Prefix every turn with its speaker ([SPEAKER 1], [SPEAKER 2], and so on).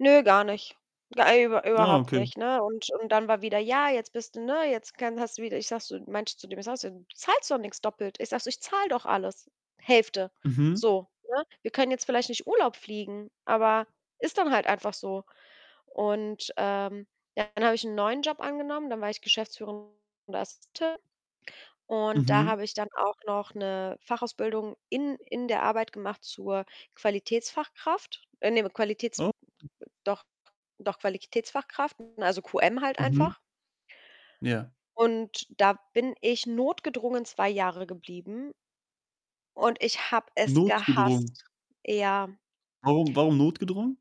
[SPEAKER 1] Nö, gar nicht. Ja, über
[SPEAKER 2] Ah,
[SPEAKER 1] überhaupt
[SPEAKER 2] okay.
[SPEAKER 1] nicht, ne, und und dann war wieder: „Ja, jetzt bist du, ne jetzt kann hast du wieder“, ich sage so meinte zu dem ich sage so: „Du zahlst doch nix doppelt.“ Ich sage so: „Ich zahle doch alles Hälfte.“
[SPEAKER 2] Mhm.
[SPEAKER 1] So, ne? Wir können jetzt vielleicht nicht Urlaub fliegen, aber ist dann halt einfach so und, ähm, ja, dann habe ich 'n neuen Job angenommen. Dann war ich geschäftsführende [unintelligible] und da
[SPEAKER 2] Mhm.
[SPEAKER 1] habe ich dann auch noch 'ne Fachausbildung in in der Arbeit gemacht zur Qualitätsfachkraft. Äh, ne, we Qualitäts
[SPEAKER 2] Oh.
[SPEAKER 1] doch doch Qualitätsfachkraft, also, QM halt
[SPEAKER 2] Mhm.
[SPEAKER 1] einfach.
[SPEAKER 2] Ja.
[SPEAKER 1] Und da bin ich notgedrungen 2 Jahre geblieben und ich habe es
[SPEAKER 2] Notgedrungen?
[SPEAKER 1] gehasst. Ja.
[SPEAKER 2] Warum warum notgedrungen?